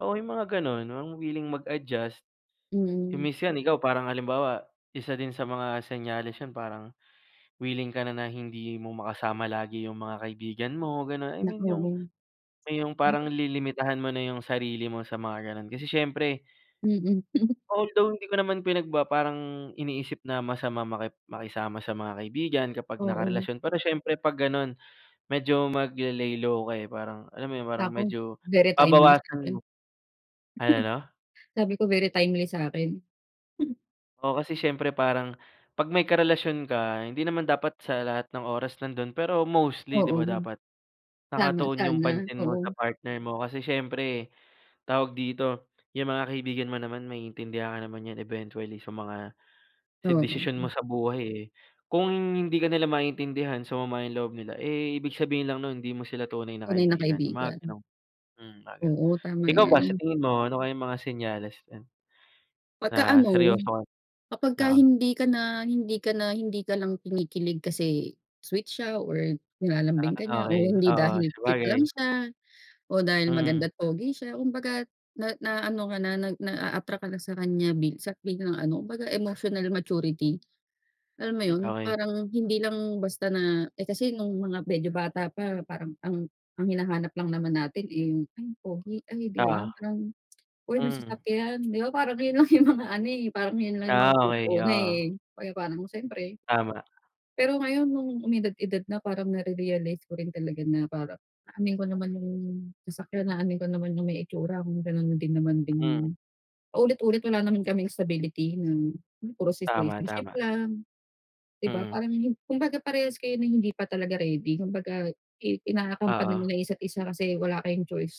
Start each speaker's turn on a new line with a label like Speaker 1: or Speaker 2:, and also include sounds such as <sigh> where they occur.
Speaker 1: Oo, yung mga gano'n, mga wiling mag-adjust. Kung
Speaker 2: Mm.
Speaker 1: minsan ikaw, parang halimbawa, isa din sa mga senyales yun parang wiling ka na, na hindi mo makasama lagi 'yong mga kaibigan mo, gano'n. I mean,
Speaker 2: <unintelligible>
Speaker 1: yung may yung parang
Speaker 2: Naku!
Speaker 1: lilimitahan mo na 'yong sarili mo sa mga gano'n kasi siyempre
Speaker 2: Mm. <chuckles>
Speaker 1: although, hindi ko naman pinagbaba parang iniisip na masamang maki makisama sa mga kaibigan kapag
Speaker 2: Oo.
Speaker 1: nakarelasyon, pero siyempre 'pag gano'n, medyo magle-lay low ka, eh, parang alam mo yun, parang
Speaker 2: Naku!
Speaker 1: medyo
Speaker 2: Very timely
Speaker 1: babawasan mo.
Speaker 2: sa'kin.
Speaker 1: Ano, 'no?
Speaker 2: Sabi ko, very timely sa'kin.
Speaker 1: Oo, kasi syempre parang 'pag may karelasyon ka, hindi naman dapat sa lahat ng oras nando'n, pero mostly, di
Speaker 2: Oo.
Speaker 1: ba dapat
Speaker 2: Tama,
Speaker 1: nakatuon 'yong
Speaker 2: sana,
Speaker 1: pansin mo sa
Speaker 2: oo.
Speaker 1: partner mo kasi siyempre tawag dito, yung mga kaibigan mo naman maiintindihan ka naman 'yan eventually sa mga
Speaker 2: Oo.
Speaker 1: desisyon mo
Speaker 2: Hmm.
Speaker 1: sa buhay, eh. Kung hindi ka nila maintindihan, sumama yung loob nila, eh, ibig sabihin lang nun hindi mo sila tunay na
Speaker 2: Tunay na
Speaker 1: kaibigan, yung mga
Speaker 2: kaibigan.
Speaker 1: gano'n. Hmm, mga gano'n.
Speaker 2: Oo, tama
Speaker 1: Ikaw ba sa
Speaker 2: yan.
Speaker 1: tingin mo ano kayang mga senyales niyan na
Speaker 2: 'Pagka-ano,
Speaker 1: seryoso ka?
Speaker 2: kapag ka
Speaker 1: Oo.
Speaker 2: hindi ka na hindi ka na hindi ka lang kinikilig kasi sweet siya or nilalambing ka
Speaker 1: Ah,
Speaker 2: niya o
Speaker 1: okey.
Speaker 2: hindi
Speaker 1: Oo,
Speaker 2: dahil cute lang
Speaker 1: sabagay.
Speaker 2: siya o dahil
Speaker 1: Mm.
Speaker 2: maganda't pogi siya. Kumbaga't na naa-ano ka na, nag na-a-attract ka na sa kanya minsan biglang ano, kumbaga emotional maturity. Alam mo
Speaker 1: Hmm,
Speaker 2: yun,
Speaker 1: okey.
Speaker 2: parang hindi lang basta na, eh, kasi no'ng mga medyo bata pa parang ang ang hinahanap lang naman natin eh yung ay pogi ay di ba
Speaker 1: Oo.
Speaker 2: parang, uy may
Speaker 1: Hmm.
Speaker 2: sasakyan di ba parang 'yon lang yung mga ano eh parang yun lang yung
Speaker 1: Ah,
Speaker 2: mga good nung
Speaker 1: okey
Speaker 2: una eh.
Speaker 1: oo.
Speaker 2: Pro nung siyempre.
Speaker 1: Tama.
Speaker 2: Pero ngayon nung umidad-edad na parang nare-realize ko rin talaga na parang aanhin ko naman yung sasakyan, aanhin ko naman yung may itsura kung gano'n din naman
Speaker 1: Hmm.
Speaker 2: ding paulit-ulit wala naman kaming stability na, hmm, puro
Speaker 1: Tama,
Speaker 2: situationship
Speaker 1: tama.
Speaker 2: lang, di ba,
Speaker 1: Mm.
Speaker 2: Parang kumbaga parehas kayo na hindi pa talaga ready, kumbaga i ina-accompany niyo
Speaker 1: Oo.
Speaker 2: lang yung isa't isa kasi wala kayong choice.